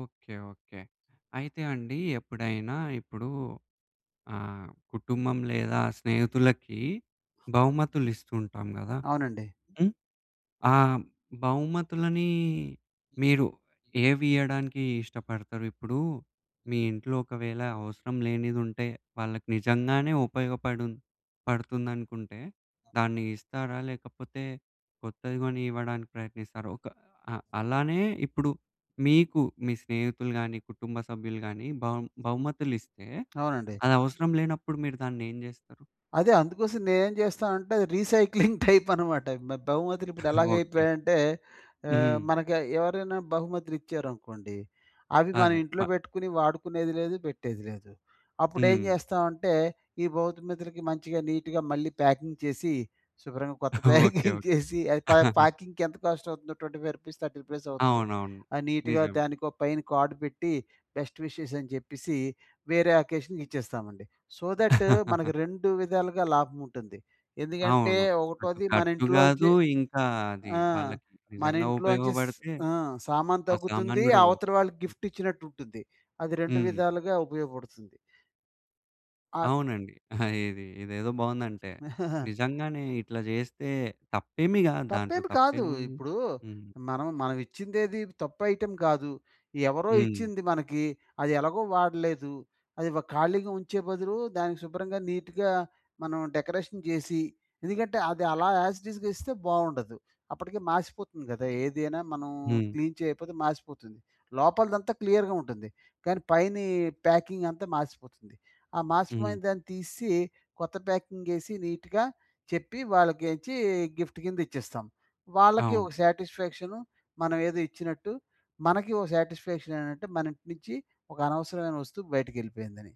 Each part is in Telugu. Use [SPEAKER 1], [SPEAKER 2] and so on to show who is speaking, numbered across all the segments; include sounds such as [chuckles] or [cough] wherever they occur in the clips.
[SPEAKER 1] ఓకే. ఓకే. అయితే అండి ఎప్పుడైనా ఇప్పుడు ఆహ్, కుటుంబం లేదా స్నేహితులకి బహుమతులిస్తూంటాం గదా!
[SPEAKER 2] అవునండి.
[SPEAKER 1] హ్మ్, ఆ బహుమతులని మీరు ఏవియ్యడానికి ఇష్టపడతారు? ఇప్పుడు మీ ఇంట్లో ఒకవేళ అవసరం లేనిదుంటే వాళ్ళకి నిజంగానే ఉపయోగపడుం పడుతుందనుకుంటే దాన్ని ఇస్తారా? లేకపోతే కొత్తది గొని ఇవ్వడానికి ప్రయత్నిస్తారా? ఒక ఆహ్, అలానే ఇప్పుడు మీకు మీ స్నేహితులు గాని, కుటుంబ సభ్యులు గాని బహు బహుమతులిస్తే
[SPEAKER 2] అవునండి.
[SPEAKER 1] అది అవసరం లేనప్పుడు మీరు దానేం జేస్తారు?
[SPEAKER 2] అదే, అందు కోసం నే‌నేం జేస్తానంటే, అది రీసైక్లింగ్ టైప్ అనమాట. మ బహుమతులు ఇప్పుడు
[SPEAKER 1] [chuckles] ఓకే.
[SPEAKER 2] ఎలాగైపోయాయంటే ఆహ్,
[SPEAKER 1] హ్మ్.
[SPEAKER 2] మనకి ఎవరైనా బహుమతులు ఇచ్చారనుకోండి అవి మనం
[SPEAKER 1] అదె. మ
[SPEAKER 2] ఇంట్లో బెట్టుకుని, వాడుకునేది లేదు పెట్టేది లేదు. అప్పుడేం
[SPEAKER 1] హ్మ్.
[SPEAKER 2] జేస్తామంటే, ఈ బహుమతులకి మంచిగా నీట్‌గా మళ్ళీ ప్యాకింగ్ చేసి శుభ్రంగా కొత్త
[SPEAKER 1] ఓకే.
[SPEAKER 2] ప్యాకింగ్ చేసి ఆ ప
[SPEAKER 1] ఓకే.
[SPEAKER 2] ప్యాకింగ్‌కి ఎంత కోస్ట్ అవుతుందో రూ. 25, రూ. 30 అవుతుంది.
[SPEAKER 1] అవునవును.
[SPEAKER 2] ఆ నీట్‌గా
[SPEAKER 1] నిజమే.
[SPEAKER 2] దానికో పైన కార్డ్ పెట్టి, బెస్ట్ విషెస్ అని జెప్పేసి వేరే అకేషన్‌కి ఇచ్చేస్తామండి. సో, థట్ మనకు
[SPEAKER 1] [chuckles]
[SPEAKER 2] రెండు విధాలుగా లాభంముంటుంది. ఎందుకంటే
[SPEAKER 1] అవును. అటు
[SPEAKER 2] ఒకటోది మన
[SPEAKER 1] ఖర్చు గాదు
[SPEAKER 2] ఇంట్లోంచ్చి
[SPEAKER 1] ఇంకా అది
[SPEAKER 2] ఆ!
[SPEAKER 1] వాళ్ళకి నిజంగా
[SPEAKER 2] మనింట్లోంచి స
[SPEAKER 1] ఉపయోగబడితే
[SPEAKER 2] ఆ సామాను
[SPEAKER 1] ఆ సామాను
[SPEAKER 2] తగ్గుతుంది
[SPEAKER 1] గూడా బోదు.
[SPEAKER 2] అవతలి వాళ్ళకి
[SPEAKER 1] హ్మ్.
[SPEAKER 2] గిఫ్ట్ ఇచ్చినట్టుంటుంది. అది రెండు
[SPEAKER 1] హ్మ్.
[SPEAKER 2] విధాలుగా ఉపయోగపడుతుంది. ఆగ్
[SPEAKER 1] అవునండి. [giggles] ఇది ఇదేదో బాగుందంటే, నిజంగానే
[SPEAKER 2] [chuckles]
[SPEAKER 1] ఇట్లా జేస్తే, తప్పేమి గాదు దాంట్లో
[SPEAKER 2] తప్పేమి కాదు.
[SPEAKER 1] తప్పేముంది?
[SPEAKER 2] ఇప్పుడు
[SPEAKER 1] హ్మ్.
[SPEAKER 2] మనం మనమిచ్చిందేది తప్పు ఐటెమ్ గాదు. ఎవరో
[SPEAKER 1] హ్మ్.
[SPEAKER 2] ఇచ్చింది మనకి అది ఎలాగో వాడలేదు. అది‌వ ఖాళీగా ఉంచే బదులు దానికి శుభ్రంగా నీట్‌గా మనం డెకరేషన్ జేసి, ఎందుకంటే అది అలా ఎస్‌టిస్‌గా ఇస్తే బావుండదు. అప్పటికే మాసిపోతుంది గదా! ఏదైనా మనం
[SPEAKER 1] హ్మ్.
[SPEAKER 2] క్లీన్ చేయపోతే మాసిపోతుంది. లోపలదంతా క్లియర్‌గా ఉంటుంది. కానీ పైని ప్యాకింగ్ అంతా మాసిపోతుంది. ఆ
[SPEAKER 1] హ్మ్.
[SPEAKER 2] మాసిపోయినదాన్ని తీసి కొత్త ప్యాకింగ్ ఏసి, నీట్‌గా చెప్పి వాళ్ళకేంచ్చి గిఫ్ట్ కింద ఇచ్చేస్తాం. వాళ్ళకి
[SPEAKER 1] అవును.
[SPEAKER 2] ఒక సాటిస్ఫాక్షన్ మనం ఏదో ఇచ్చినట్టు. మనకి ఓ సాటిస్ఫాక్షన్ ఏంటంటే, మన ఇంటి నుంచి ఒక అనవసరమైన వస్తువు బయటికెళ్ళిపోయిందని.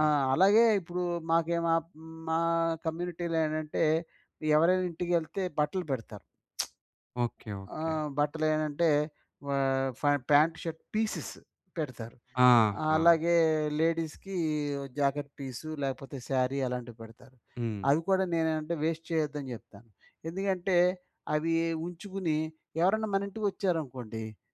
[SPEAKER 2] ఆ! అలాగే ఇప్పుడు మాకే మా మా కమ్యూనిటీలో ఏంటంటే ఎవరైనా ఇంటికేళ్తే బట్టలు పెడతారు.
[SPEAKER 1] ఓకే.
[SPEAKER 2] [smacks lips] ఆ!
[SPEAKER 1] ఓకే.
[SPEAKER 2] బట్టలేటంటే ఆహ్, ఫ పాంట్ షర్ట్ పీసెస్ పెడతారు.
[SPEAKER 1] ఆహా!
[SPEAKER 2] అలాగే లేడీస్‌కి జాకెట్ పీసు లేకపోతే సారీ అలాంటివి పెడతారు.
[SPEAKER 1] హ్మ్.
[SPEAKER 2] అవి కూడా నేనేమంటే వేస్ట్ చేయొద్దని జెప్తాను. ఎందుకంటే అవి ఉంచుకుని ఎవరైనా మన ఇంటికొచ్చారనుకోండి.